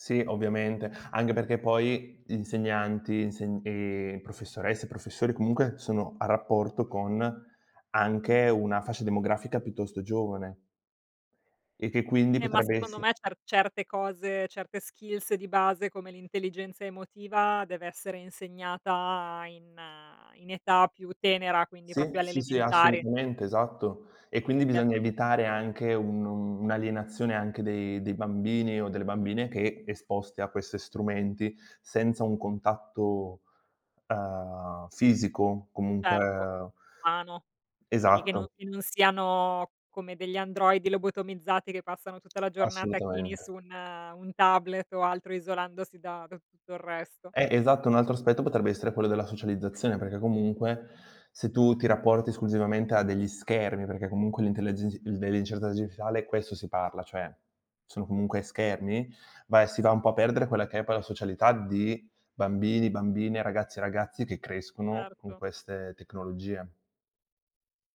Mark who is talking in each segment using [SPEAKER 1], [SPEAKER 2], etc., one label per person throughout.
[SPEAKER 1] Sì ovviamente, anche perché poi insegnanti, inse ehm, professoresse, professori comunque sono a rapporto con anche una fascia demografica piuttosto giovane. E che quindi
[SPEAKER 2] Ehm, ma
[SPEAKER 1] potrebbe
[SPEAKER 2] secondo
[SPEAKER 1] esse
[SPEAKER 2] me cer certe cose, certe skills di base come l'intelligenza emotiva deve essere insegnata in in età più tenera, quindi
[SPEAKER 1] Sì,
[SPEAKER 2] proprio alle
[SPEAKER 1] sì, sì,
[SPEAKER 2] elementari.
[SPEAKER 1] assolutamente, esatto. E quindi bisogna
[SPEAKER 2] Perchè
[SPEAKER 1] evitare anche un un'alienazione anche dei dei bambini o delle bambine che esposti a questi strumenti senza un contatto, uhm, fisico
[SPEAKER 2] Certo,
[SPEAKER 1] comunque
[SPEAKER 2] umano. Quindi che no
[SPEAKER 1] Esatto.
[SPEAKER 2] che non siano come degli androidi lobotomizzati che passano tutta la giornata chini su
[SPEAKER 1] Assolutamente.
[SPEAKER 2] un un tablet o altro isolandosi da da tutto il resto.
[SPEAKER 1] Eh, esatto, un altro aspetto potrebbe essere quello della socializzazione, perché comunque se tu ti rapporti esclusivamente a degli schermi, perché comunque l'intellegi dellle incerte digitale questo si parla cioè, sono comunque schermi, va e si va un po' a perdere quella che è poi la socialità di bambini, bambine, ragazze e ragazzi che crescono con
[SPEAKER 2] Certo.
[SPEAKER 1] queste tecnologie.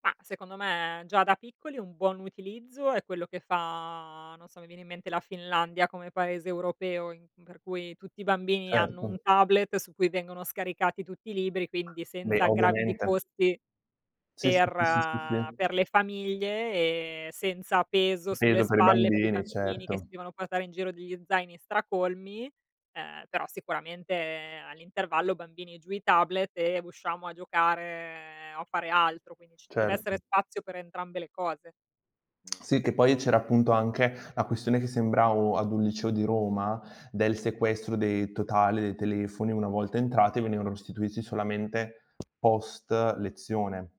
[SPEAKER 2] Ma secondo me già da piccoli un buon utilizzo è quello che fa, non so, mi viene in mente la Finlandia come paese europeo in per cui tutti i bambini hanno un
[SPEAKER 1] Certo.
[SPEAKER 2] tablet su cui vengono scaricati tutti i libri, quindi
[SPEAKER 1] Beh,
[SPEAKER 2] senza sgravi di
[SPEAKER 1] ovviamente.
[SPEAKER 2] costi
[SPEAKER 1] Sì, sì,
[SPEAKER 2] per
[SPEAKER 1] sì, sì, sì, sì.
[SPEAKER 2] per le famiglie e senza peso sulle
[SPEAKER 1] Peso per i
[SPEAKER 2] spalle per i
[SPEAKER 1] bambini,
[SPEAKER 2] bambini che si
[SPEAKER 1] certo.
[SPEAKER 2] devono portare in giro degli zaini stracolmi, ehm, però sicuramente all'intervallo: "Bambini giù i tablet e usciamo a giocare o fare altro." Quindi ci deve essere
[SPEAKER 1] Certo.
[SPEAKER 2] spazio per entrambe le cose. No.
[SPEAKER 1] Sì, che poi c'era appunto anche la questione che sembravo ad un liceo di Roma del sequestro dei totale dei telefoni una volta entrati venivano restituiti solamente post lezione.